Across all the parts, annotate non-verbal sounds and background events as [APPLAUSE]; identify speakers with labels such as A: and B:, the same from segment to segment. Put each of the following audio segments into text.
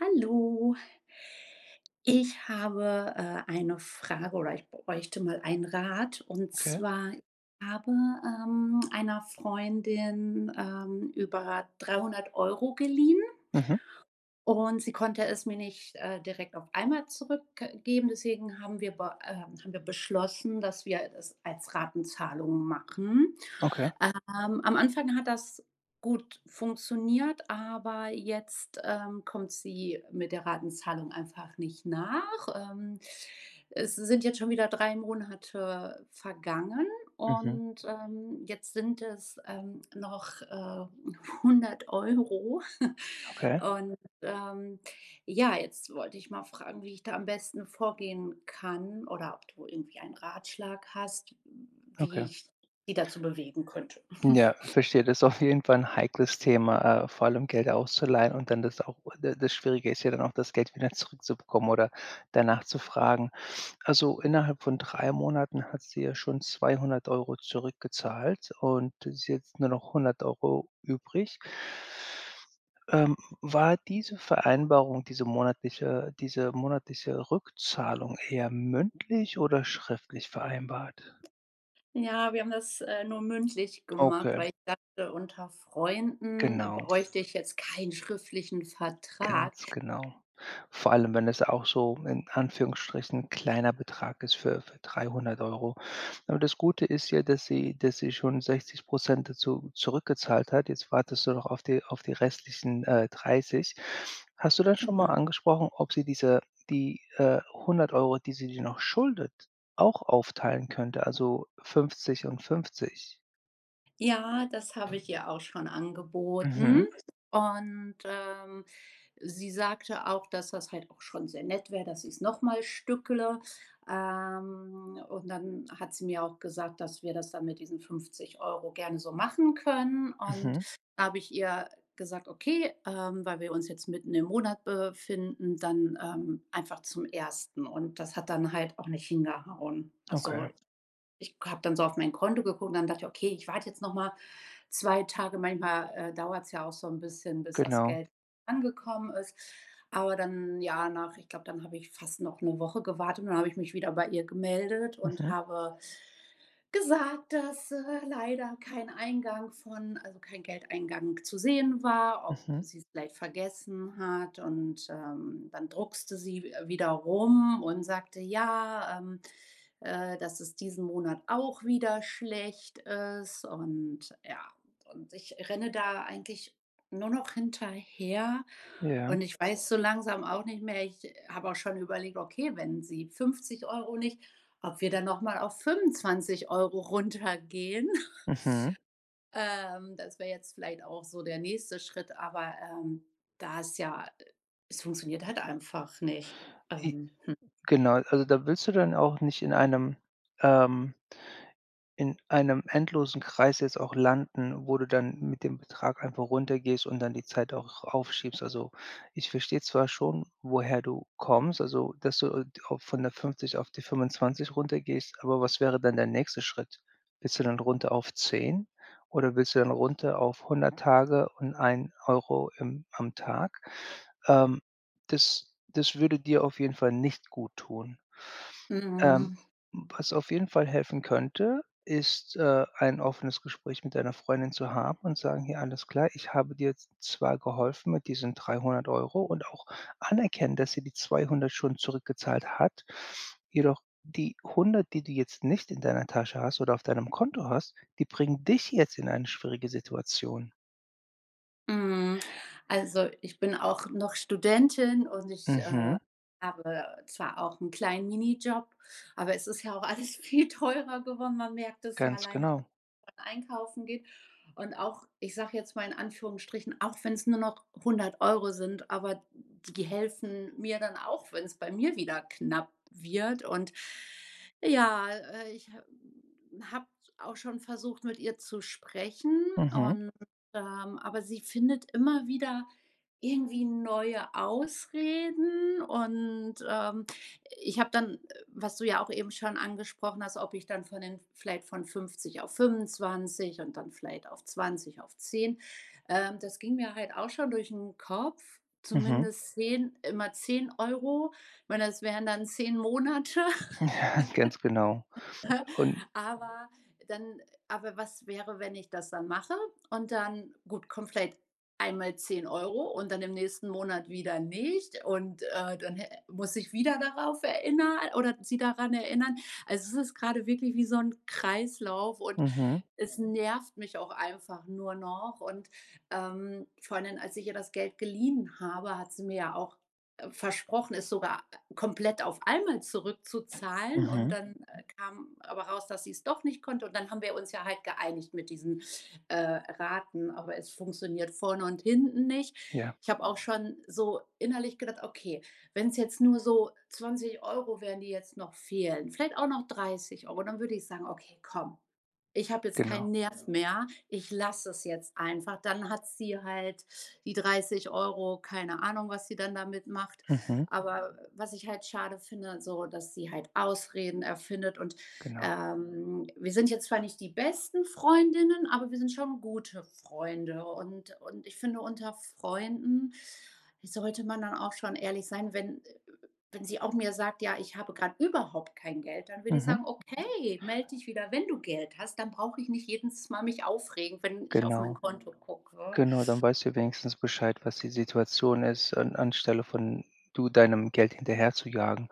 A: Hallo. Ich habe, äh, eine Frage oder ich bräuchte mal einen Rat. Und
B: Okay.
A: zwar, habe, ähm, einer Freundin, ähm, über 300 € geliehen
B: Mhm.
A: und sie konnte es mir nicht, äh, direkt auf einmal zurückgeben, deswegen haben wir be ähm, haben wir beschlossen, dass wir das als Ratenzahlung machen,
B: Okay.
A: ähm, am Anfang hat das gut funktioniert, aber jetzt, ähm, kommt sie mit der Ratenzahlung einfach nicht nach. Ähm, es sind jetzt schon wieder 3 Monate vergangen
B: Mhm.
A: und, ähm, jetzt sind es, ähm, noch, äh, 100 €. [CHUCKLES]
B: Okay.
A: Und, ähm, ja, jetzt wollte ich mal fragen, wie ich da am besten vorgehen kann oder ob du irgendwie einen Ratschlag hast, wie
B: Okay.
A: ich die dazu bewegen könnte. [CHUCKLES]
B: Ja, verstehe. Das ist auf jeden Fall 'n heikles Thema, äh, vor allem Geld auszuleihen und dann das auch das das Schwierige ist ja dann auch das Geld wieder zurückzubekommen oder danach zu fragen. Also, innerhalb von 3 Monaten hat sie ja schon 200 € zurückgezahlt und ist jetzt nur noch 100 € übrig. Ähm, war diese Vereinbarung, diese monatliche diese monatliche Rückzahlung eher mündlich oder schriftlich vereinbart?
A: Ja, wir haben das, äh, nur mündlich gemacht,
B: Okay.
A: weil ich dachte, unter Freunden
B: Genau.
A: bräuchte ich jetzt keinen schriftlichen Vertrag.
B: Ganz genau. Vor allem, wenn das auch so in Anführungsstrichen kleiner Betrag ist für für 300 €. Aber das Gute ist ja, dass sie dass sie schon 60 % dazu zurückgezahlt hat. Jetzt wartest du noch auf die auf die restlichen, äh, 30. Hast du da schon mal
A: Genau.
B: angesprochen, ob sie diese die, äh, 100 €, die sie dir noch schuldet, auch aufteilen könnte, also, 50 und 50?
A: Ja, das habe ich ihr auch schon angeboten.
B: Mhm.
A: Und, ähm, sie sagte auch, dass das halt auch schon sehr nett wäre, dass sie's noch mal stückele. Ähm, und dann hat sie mir auch gesagt, dass wir das dann mit diesen 50 € gerne so machen können. Und
B: Mhm.
A: da habe ich ihr gesagt: „Okay, ähm, weil wir uns jetzt mitten im Monat befinden, dann, ähm, einfach zum 1.“ Und das hat dann halt auch nicht hingehauen. Also,
B: Okay.
A: ich habe dann so auf mein Konto geguckt und dann dachte ich: „Okay, ich warte jetzt noch mal 2 Tage. Manchmal, äh, dauert's ja auch so 'n bisschen, bis das
B: Genau.
A: Geld angekommen ist.“ Aber dann, ja, nach ich glaube, dann habe ich fast noch 'ne Woche gewartet und dann habe ich mich wieder bei ihr gemeldet und
B: Mhm.
A: habe gesagt, dass, äh, leider kein Eingang von also, kein Geldeingang zu sehen war, ob
B: Mhm.
A: sie es vielleicht vergessen hat. Und, ähm, dann druckste sie w-wieder rum und sagte: „Ja, ähm, äh, dass es diesen Monat auch wieder schlecht ist.“ Und ja und ich renne da eigentlich nur noch hinterher
B: Ja.
A: und ich weiß so langsam auch nicht mehr. Ich habe auch schon überlegt, okay, wenn Sie 50 € nicht, ob wir dann noch mal auf 25 € runtergehen. [CHUCKLES]
B: Mhm.
A: Ähm, das wäre jetzt vielleicht auch so der nächste Schritt, aber, ähm, da es ja es funktioniert halt einfach nicht,
B: J
A: ähm, hm.
B: genau. Also, da willst du dann auch nicht in einem ähm, in einem endlosen Kreis jetzt auch landen, wo du dann mit dem Betrag einfach runtergehst und dann die Zeit auch aufschiebst. Also, ich verstehe zwar schon, woher du kommst, also, dass du auch von der 50 auf die 25 runtergehst, aber was wäre dann der nächste Schritt? Willst du dann runter auf 10 oder willst du dann runter auf 100 Tage und 1 € im am Tag? Ähm, das das würde dir auf jeden Fall nicht guttun. Ähm,
A: Mhm.
B: was auf jeden Fall helfen könnte, ist, äh, ein offenes Gespräch mit deiner Freundin zu haben und sagen: „Ja, alles klar, ich habe dir zwar geholfen mit diesen 300 €“ und auch anerkennen, dass sie die 200 schon zurückgezahlt hat, jedoch die 100, die du jetzt nicht in deiner Tasche hast oder auf deinem Konto hast, die bringen dich jetzt in eine schwierige Situation.
A: Mhm. Also, ich bin auch noch Studentin und ich, äh,
B: Mhm.
A: habe zwar auch 'n kleinen Minijob, aber es ist ja auch alles viel teurer geworden. Man merkt es ja
B: Ganz
A: alleine,
B: genau.
A: wenn man einkaufen geht. Und auch, ich sage jetzt mal in Anführungsstrichen, auch wenn's nur noch 100 € sind, aber die helfen mir dann auch, wenn's bei mir wieder knapp wird. Und ja, äh, ich habe habe auch schon versucht, mit ihr zu sprechen
B: Mhm.
A: und ähm, aber sie findet immer wieder irgendwie neue Ausreden. Und, ähm, ich habe dann was du ja auch eben schon angesprochen hast, ob ich dann von den vielleicht von 50 auf 25 und dann vielleicht auf 20 auf 10, ähm, das ging mir halt auch schon durch den Kopf,
B: Mhm.
A: zumindest 10, immer 10 €. Ich meine, das wären dann 10 Monate. [GIGGLES]
B: [CHUCKLES] Ganz genau, und
A: Aber dann aber was wäre, wenn ich das dann mache und dann, gut, kommt vielleicht einmal 10 € und dann im nächsten Monat wieder nicht. Und, äh, dann hä muss ich wieder darauf erinner oder sie daran erinnern. Also, es ist grade wirklich wie so 'n Kreislauf und
B: Mhm.
A: es nervt mich auch einfach nur noch. Und, ähm, vor allem, als ich ihr das Geld geliehen habe, hat sie mir ja auch versprochen, es sogar komplett auf einmal zurückzuzahlen. Und
B: Mhm.
A: dann kam aber raus, dass sie's doch nicht konnte und dann haben wir uns ja halt geeinigt mit diesen, äh, Raten, aber es funktioniert vorne und hinten nicht.
B: Ja.
A: Ich habe auch schon so innerlich gedacht, okay, wenn's jetzt nur so 20 € wären, die jetzt noch fehlen, vielleicht auch noch 30 € dann würde ich sagen: „Okay, komm. Ich habe jetzt
B: Genau.
A: keinen Nerv mehr. Ich lasse es jetzt einfach. Dann hat sie halt die 30 €, keine Ahnung, was sie dann damit macht.“
B: Mhm.
A: Aber was ich halt schade finde so, dass sie halt Ausreden erfindet. Und,
B: Genau.
A: ähm, wir sind jetzt zwar nicht die besten Freundinnen, aber wir sind schon gute Freunde. Und und ich finde, unter Freunden sollte man dann auch schon ehrlich sein, wenn äh, wenn sie auch mir sagt: „Ja, ich habe grad überhaupt kein Geld“, dann würde ich
B: Mhm.
A: sagen: „Okay, melde dich wieder, wenn du Geld hast," dann brauche ich nicht jedens Mal mich aufregen, wenn ich auf mein
B: Genau.
A: Konto gucke.
B: Genau, dann weißt du wenigstens Bescheid, was die Situation ist, an anstelle von du deinem Geld hinterherzujagen.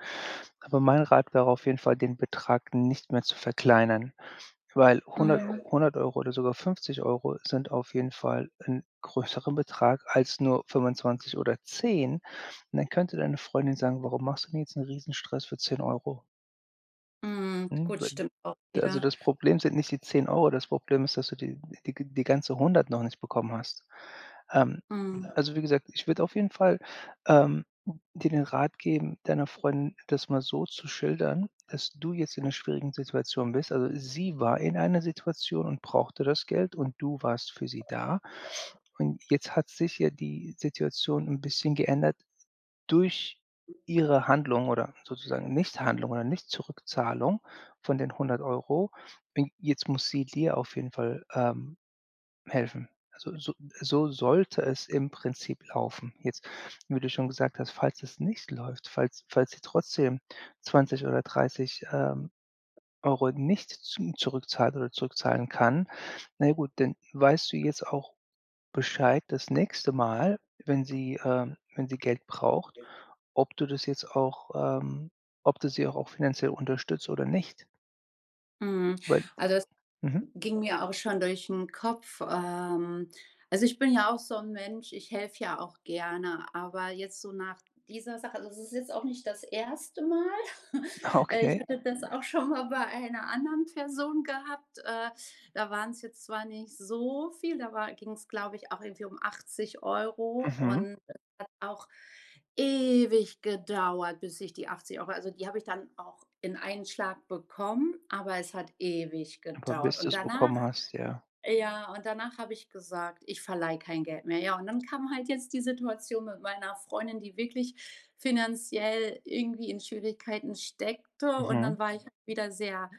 B: Aber mein Rat wäre auf jeden Fall, den Betrag nicht mehr zu verkleinern, weil 100-
A: Mhm.
B: 100 € oder sogar 50 € sind auf jeden Fall 'n größeren Betrag als nur 25 oder 10. Und dann könnte deine Freundin sagen: „Warum machst du mir jetzt 'n Riesenstress für 10 €?"
A: Mhm.
B: Mhm.
A: Gut,
B: Wenn
A: stimmt auch
B: d also,
A: wieder.
B: das Problem sind nicht die 10 €, das Problem ist, dass du die g die die ganze 100 noch nicht bekommen hast. Ähm,
A: Mhm.
B: also, wie gesagt, ich würde auf jeden Fall, ähm, dir den Rat geben, deiner Freundin das mal so zu schildern, dass du jetzt in 'ner schwierigen Situation bist. Also, sie war in einer Situation und brauchte das Geld und du warst für sie da. Und jetzt hat sich ja die Situation 'n bisschen geändert durch ihre Handlung oder sozusagen Nichthandlung oder Nicht-Zurückzahlung von den 100 €. Bin jetzt muss sie dir auf jeden Fall, ähm, helfen. Also, so so sollte es im Prinzip laufen. Jetzt, wo du schon gesagt hast, falls es nicht läuft, falls falls sie trotzdem 20 oder 30, ähm, Euro nicht zu zurückzahlt oder zurückzahlen kann, na ja gut, dann weißt du jetzt auch Bescheid das nächste Mal, wenn sie ähm, wenn sie Geld braucht, ob du das jetzt auch ähm, ob du sie auch auch finanziell unterstützt oder nicht?
A: Mhm,
B: Weil
A: also, es
B: hm.
A: ging mir auch schon durch 'n Kopf, ähm, also, ich bin ja auch so 'n Mensch, ich helfe ja auch gerne, aber jetzt so nach dieser Sache, also, es ist jetzt auch nicht das erste Mal.
B: Ah,
A: [CHUCKLES] Äh, ich
B: okay.
A: hatte das auch schon mal bei einer anderen Person gehabt. Äh, da waren's jetzt zwar nicht so viel, da war ging's, glaube ich, auch irgendwie um 80 €
B: Mhm.
A: und das hat auch ewig gedauert, bis ich die 80 € also, die habe ich dann auch in einen Schlag bekommen, aber es hat ewig
B: Aber
A: gedauert.
B: bis
A: Und
B: du's
A: danach
B: bekommen hast, ja.
A: ja, und danach habe ich gesagt: „Ich verleihe kein Geld mehr.“ Ja, und dann kam halt jetzt die Situation mit meiner Freundin, die wirklich finanziell irgendwie in Schwierigkeiten steckte und
B: Mhm.
A: dann war ich wieder sehr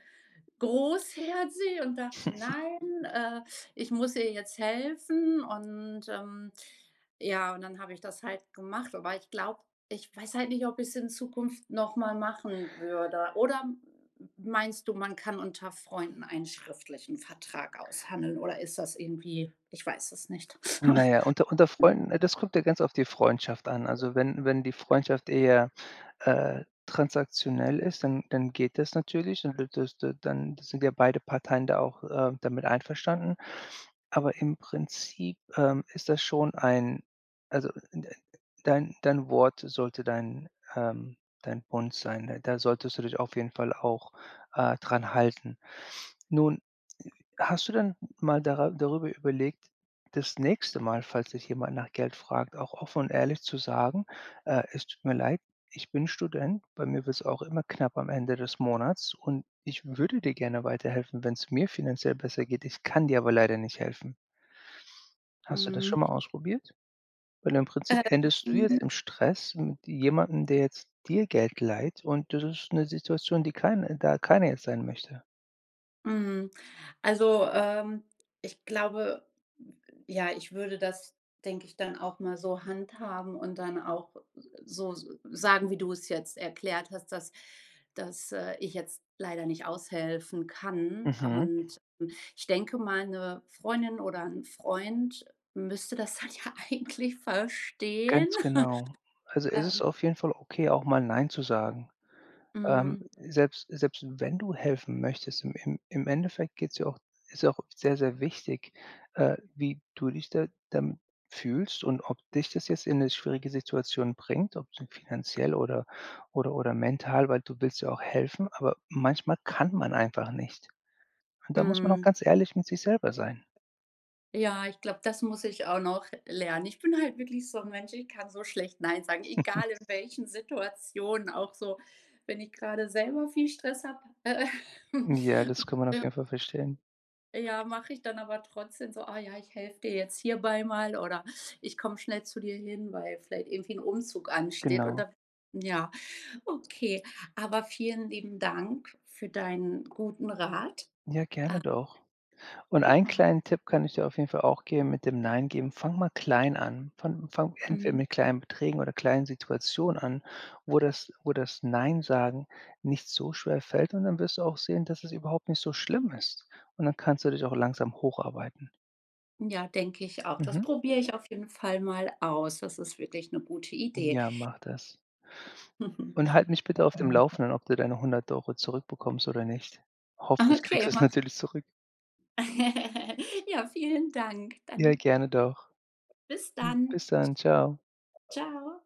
A: großherzig und dachte,
B: [CHUCKLES]
A: „Nein, äh, ich muss ihr jetzt helfen.“ Und, ähm, ja, und dann habe ich das halt gemacht, aber ich glaube, ich weiß halt nicht, ob ich's in Zukunft noch mal machen würde. Oder m meinst du, man kann unter Freunden einen schriftlichen Vertrag aushandeln? Oder ist das irgendwie ich weiß es nicht?
B: Na ja, unter unter
A: [CHUCKLES]
B: Freunden, ne, das kommt ja ganz auf die Freundschaft an. Also, wenn wenn die Freundschaft eher, äh, transaktionell ist, dann dann geht das natürlich, dann wird das da dann sind ja beide Parteien da auch, äh, damit einverstanden. Aber im Prinzip, ähm, ist das schon ein also, n äh, dein dein Wort sollte dein ähm, dein, Bund sein, ne? Da solltest du dich auf jeden Fall auch, äh, dran halten. Nun, hast du denn mal dara darüber überlegt, das nächste Mal, falls dich jemand nach Geld fragt, auch offen und ehrlich zu sagen: „Äh, es tut mir leid, ich bin Student. Bei mir wird's auch immer knapp am Ende des Monats und ich würde dir gerne weiterhelfen, wenn's mir finanziell besser geht. Ich kann dir aber leider nicht helfen.“ Hast du das
A: Mhm.
B: schon mal ausprobiert? Weil im Prinzip
A: Äh,
B: endest du jetzt
A: hm
B: im Stress mit jemanden, der jetzt dir Geld leiht und das ist 'ne Situation, die kein da keiner jetzt sein möchte.
A: Mhm, also, ähm, ich glaube, ja, ich würde das, denke ich, dann auch mal so handhaben und dann auch so s sagen, wie du es jetzt erklärt hast, dass dass, äh, ich jetzt leider nicht aushelfen kann.
B: Mhm.
A: Und ich denke mal, 'ne Freundin oder 'n Freund müsste das halt ja eigentlich verstehen,
B: Ganz genau.
A: [CHUCKLES]
B: Also, es ist
A: ähm.
B: auf jeden Fall okay, auch mal nein zu sagen. Ähm,
A: Mhm.
B: selbst selbst wenn du helfen möchtest, im im im Endeffekt geht's ja auch ist auch sehr, sehr wichtig, äh, wie du dich da dann fühlst und ob dich das jetzt in 'ne schwierige Situation bringt, ob zum finanziell oder oder oder mental, weil du willst ja auch helfen, aber manchmal kann man einfach nicht. Und da muss man auch
A: Mhm.
B: ganz ehrlich mit sich selber sein.
A: Ja, ich glaube, das muss ich auch noch lernen. Ich bin halt wirklich so 'n Mensch, ich kann so schlecht „Nein“ sagen,
B: [CHUCKLES]
A: egal in welchen Situationen, auch so wenn ich grade selber viel Stress habe. Äh
B: Ja, das kann man auf
A: [CHUCKLES]
B: jeden Fall verstehen.
A: Ja, mache ich dann aber trotzdem so: „Ah, ja, ich helfe dir jetzt hierbei mal oder ich komme schnell zu dir hin“, weil vielleicht irgendwie 'n Umzug ansteht und
B: Genau.
A: dann ja. Okay, aber vielen lieben Dank für deinen guten Rat,
B: Ja,
A: äh.
B: gerne doch. Und einen
A: Genau.
B: kleinen Tipp kann ich dir auf jeden Fall auch geben mit dem „Nein“ geben, fang mal klein an. Fang fang entweder
A: Mhm.
B: mit kleinen Beträgen oder kleinen Situationen an, wo das wo das „Nein“ Sagen nicht so schwer fällt und dann wirst du auch sehen, dass es überhaupt nicht so schlimm ist. Und dann kannst du dich auch langsam hocharbeiten.
A: Ja, denke ich auch. Das
B: Mhm.
A: probiere ich auf jeden Fall mal aus. Das ist wirklich 'ne gute Idee.
B: Ja, mach das. Und halt mich bitte auf dem
A: [CHUCKLES]
B: Laufenden, ob du deine 100 € zurückbekommst oder nicht. Hoffentlich kriegst
A: Okay,
B: du es
A: mache i
B: natürlich zurück.
A: [GIGGLES] Ja, vielen Dank,
B: Ja,
A: dann
B: gerne doch.
A: Bis dann.
B: Bis
A: Tsch
B: dann, tschau.
A: tschau.